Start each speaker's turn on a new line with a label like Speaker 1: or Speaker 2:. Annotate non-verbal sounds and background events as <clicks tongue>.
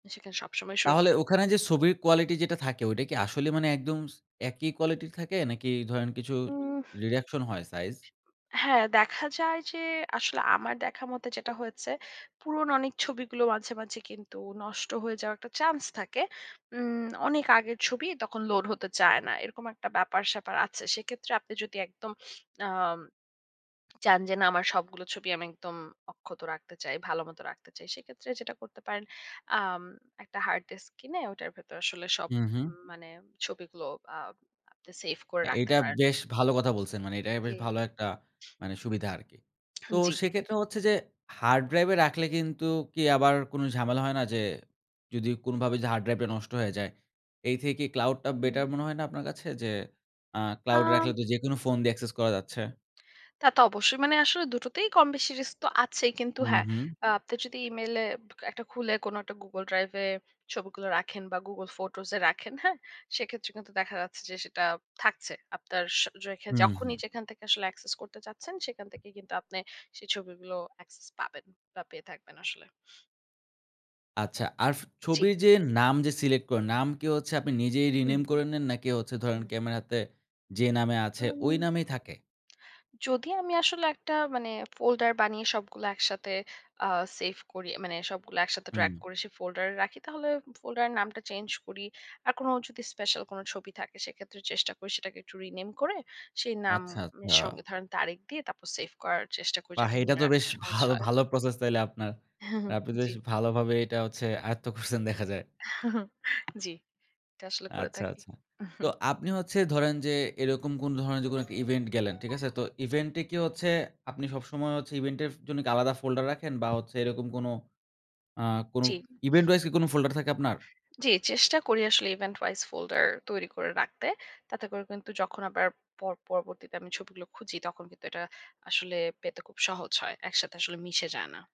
Speaker 1: সেখানে সবসময়
Speaker 2: তাহলে
Speaker 1: সুরক্ষিত
Speaker 2: ওখানে
Speaker 1: থাকে।
Speaker 2: যে ছবির কোয়ালিটি যেটা থাকে ওটা কি আসলে মানে একদম একই কোয়ালিটি থাকে, নাকি ধরেন কিছু
Speaker 1: উহ! <clicks tongue>
Speaker 2: reduction হয় সাইজ?
Speaker 1: হ্যাঁ, দেখা যায় যে আসলে আমার দেখার মতো যেটা হয়েছে। পুরনো অনেক ছবিগুলো মাঝে, মাঝে কিন্তু নষ্ট হয়ে যাওয়ার একটা চান্স থাকে। উম অনেক আগের ছবি তখন লোড হতে চায় না। এরকম একটা ব্যাপার স্যাপার আছে। সেক্ষেত্রে আপনি যদি একদম আম চান যে না আমার সবগুলো ছবি আমি একদম অক্ষত রাখতে চাই। ভালোমত রাখতে চাই। সেক্ষেত্রে যেটা করতে পারেন, আম একটা হার্ড ডিস্ক কিনে ওটার ভেতরে আসলে সব
Speaker 2: হু, হু।
Speaker 1: মানে ছবিগুলো আ আপনি সেইভ করে রাখতে
Speaker 2: এটা
Speaker 1: পারেন।
Speaker 2: বেশ ভালো কথা বলছেন। মানে এটাই বেশ
Speaker 1: জি।
Speaker 2: ভালো একটা মানে সুবিধা আরকি। তো
Speaker 1: জ্বী।
Speaker 2: সেক্ষেত্রে হচ্ছে যে, হার্ড ড্রাইভ এ রাখলে কিন্তু কি আবার কোন ঝামেলা হয় না যে যদি কোনভাবেই যে হার্ড ড্রাইভটা নষ্ট হয়ে যায়? এই থেকে cloud টা বেটার
Speaker 1: হু।
Speaker 2: মনে হয় না আপনার কাছে? যে আ
Speaker 1: আ
Speaker 2: cloud রাখলে তো যেকোনো ফোন দিয়ে access করা যাচ্ছে।
Speaker 1: তা তো অবশ্যই, মানে আসলে দুটোতেই কম বেশি রিস্ক তো আছেই। কিন্তু
Speaker 2: হু,
Speaker 1: হ্যাঁ,
Speaker 2: হু।
Speaker 1: আপনি যদি ইমেইলে একটা খুলে কোন একটা গুগল ড্রাইভ এ ছবিগুলো রাখেন বা গুগল ফটোস এ রাখেন। হ্যাঁ? সেক্ষেত্রে কিন্তু দেখা যাচ্ছে যে সেটা থাকছে। আপনার স রেখে
Speaker 2: হুম, হুম।
Speaker 1: যখনই যেখান থেকে আসলে access করতে চাচ্ছেন। সেখান থেকেই কিন্তু আপনি সেই ছবিগুলো অ্যাক্সেস পাবেন বা পেয়ে থাকবেন আসলে।
Speaker 2: আচ্ছা, আর
Speaker 1: জ্বী।
Speaker 2: ছবির যে নাম যে সিলেক্ট করেন, নাম কি হচ্ছে আপনি নিজেই
Speaker 1: হুম।
Speaker 2: rename করে নেন? নাকি হচ্ছে
Speaker 1: হু।
Speaker 2: ধরেন ক্যামেরাতে যে নামে আছে
Speaker 1: উম
Speaker 2: ওই নামেই থাকে?
Speaker 1: <smacks lips> যদি আমি আসলে একটা মানে folder বানিয়ে সবগুলো একসাথে আ সেইভ করি। মানে সবগুলো একসাথে drag
Speaker 2: হুম।
Speaker 1: করে সেই folder এ রাখি, তাহলে ঐ folder এর নামটা চেইঞ্জ করি। আর কোন যদি স্পেশাল কোন ছবি থাকে, সেক্ষেত্রে চেষ্টা করি সেটাকে একটু রিনেম করে, সেই নাম
Speaker 2: আচ্ছা, আচ্ছা।
Speaker 1: সঙ্গে ধরেন তারিখ দিয়ে তারপর সেইভ করার চেষ্টা করি
Speaker 2: বাহ!
Speaker 1: যাতে
Speaker 2: এটা
Speaker 1: মনে
Speaker 2: তো
Speaker 1: রাখা
Speaker 2: বেশ
Speaker 1: সহজ
Speaker 2: ভালো
Speaker 1: হয়।
Speaker 2: ভালো প্রসেস তাইলে আপনার।
Speaker 1: <chuckles>
Speaker 2: আপনি তো
Speaker 1: জ্বী।
Speaker 2: বেশ ভালোভাবে এটা হচ্ছে আয়ত্ত করসেন দেখা যায়।
Speaker 1: <chuckles> <clicks tongue> জ্বী। এটা আসলে করে
Speaker 2: আচ্ছা,
Speaker 1: থাকি।
Speaker 2: আচ্ছা। তো
Speaker 1: <chuckles>
Speaker 2: আপনি হচ্ছে ধরেন যে এরকম কোন ধরনের যে ইভেন্ট গেলেন। ঠিক আছে? তো ইভেন্ট এ কি হচ্ছে আপনি সবসময় ইভেন্ট এর জন্য আলাদা ফোল্ডার রাখেন? বা এরকম কোনো আ কোনো
Speaker 1: জ্বী।
Speaker 2: event wise কি কোন folder থাকে আপনার?
Speaker 1: জ্বী, চেষ্টা করি আসলে event wise folder তৈরি করে রাখতে। তাতে করে কিন্তু যখন আবার প পরবর্তীতে আমি ছবিগুলো খুঁজি তখন কিন্তু এটা আসলে পেতে খুব সহজ হয়। একসাথে আসলে মিশে যায় না।